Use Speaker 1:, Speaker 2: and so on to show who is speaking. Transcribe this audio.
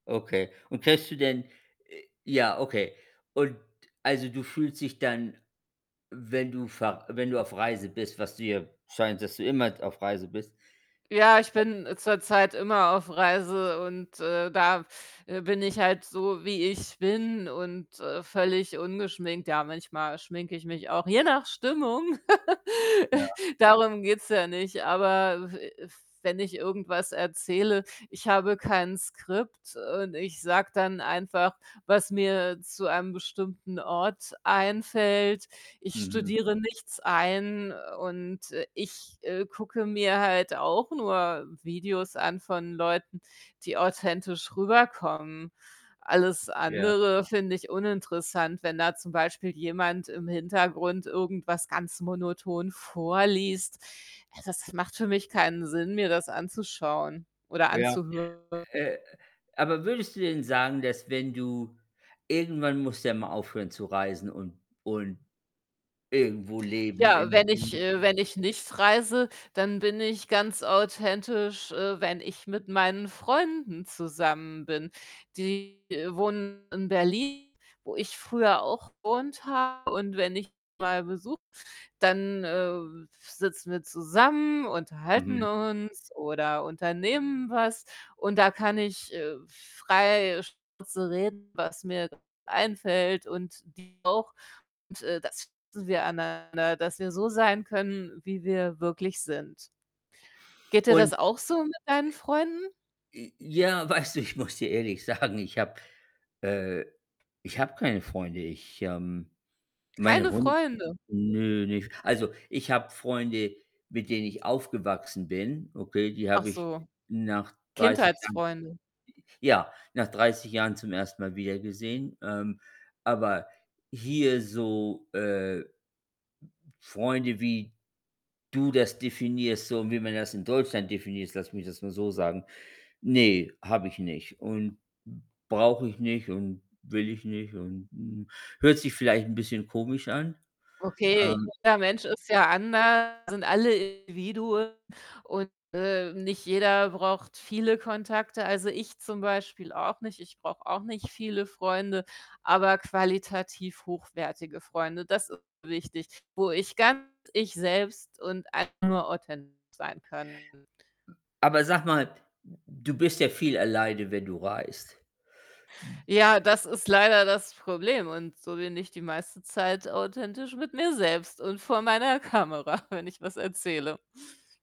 Speaker 1: Okay. Und kennst du denn äh, ja, okay. Und, also, du fühlst dich dann, wenn du ver wenn du auf Reise bist, was du ja scheint, dass du immer auf Reise bist.
Speaker 2: Ja, ich
Speaker 1: [unintelligible]
Speaker 2: bin zurzeit immer auf Reise und, äh, da, äh, bin ich halt so, wie ich bin und, äh, völlig ungeschminkt. Ja, manchmal schminke ich mich auch, je nach Stimmung.
Speaker 1: Ja.
Speaker 2: Darum geht's ja nicht, aber w wenn ich irgendwas erzähle, ich habe kein Skript und ich sage dann einfach, was mir zu einem bestimmten Ort einfällt. Ich
Speaker 1: Mhm.
Speaker 2: studiere nichts ein und, äh, ich, äh, gucke mir halt auch nur Videos an von Leuten, die authentisch rüberkommen. Alles
Speaker 1: Ja.
Speaker 2: andere finde ich uninteressant, wenn da zum Beispiel jemand im Hintergrund irgendwas ganz monoton vorliest. Äh, das macht für mich keinen Sinn, mir das anzuschauen oder
Speaker 1: Ja,
Speaker 2: anzuhören.
Speaker 1: äh, aber würdest du denn sagen, dass wenn du irgendwann musst du ja mal aufhören zu reisen und und irgendwo leben
Speaker 2: Ja,
Speaker 1: in.
Speaker 2: wenn ich
Speaker 1: [unintelligible]
Speaker 2: äh, wenn ich nicht reise, dann bin ich ganz authentisch, äh, wenn ich mit meinen Freunden zusammen bin. Die wohnen in Berlin, wo ich früher auch gewohnt habe, und wenn ich mal besuche, dann, äh, w sitzen wir zusammen, unterhalten
Speaker 1: Mhm.
Speaker 2: uns oder unternehmen was, und da kann ich, äh, frei Schnauze reden, was mir grad einfällt und die auch. Und, äh, das schätzen wir aneinander, dass wir so sein können, wie wir wirklich sind. Geht dir
Speaker 1: Und,
Speaker 2: das auch so mit deinen Freunden?
Speaker 1: i j ja, weißt du, ich muss dir ehrlich sagen, ich habe äh, ich habe keine Freunde. Ich, ähm, mein
Speaker 2: Keine
Speaker 1: Hund
Speaker 2: Freunde?
Speaker 1: nö, nicht also, ich habe Freunde, mit denen ich aufgewachsen bin, okay. Die
Speaker 2: Ach
Speaker 1: habe ich
Speaker 2: so.
Speaker 1: nach 30 Jahren
Speaker 2: Kindheitsfreunde.
Speaker 1: j ja, nach 30 Jahren zum 1. Mal wieder gesehen. Ähm, aber hier so, äh, Freunde, wie du das definierst, so wie man das in Deutschland definierst, lass mich das mal so sagen, ne, habe ich nicht und brauche ich nicht und will ich nicht und, hm, hört sich vielleicht 'n bisschen komisch an,
Speaker 2: Okay,
Speaker 1: ähm
Speaker 2: jeder Mensch ist ja anders, wir sind alle Individuen und, äh, nicht jeder braucht viele Kontakte. Also, ich zum Beispiel auch nicht. Ich brauche auch nicht viele Freunde, aber qualitativ hochwertige Freunde. Das ist wichtig, wo ich ganz ich selbst und einfach nur authentisch sein kann.
Speaker 1: Aber sag mal, du bist ja viel alleine, wenn du reist.
Speaker 2: Ja, das ist leider das Problem. Und so bin ich die meiste Zeit authentisch mit mir selbst und vor meiner Kamera, wenn ich was erzähle.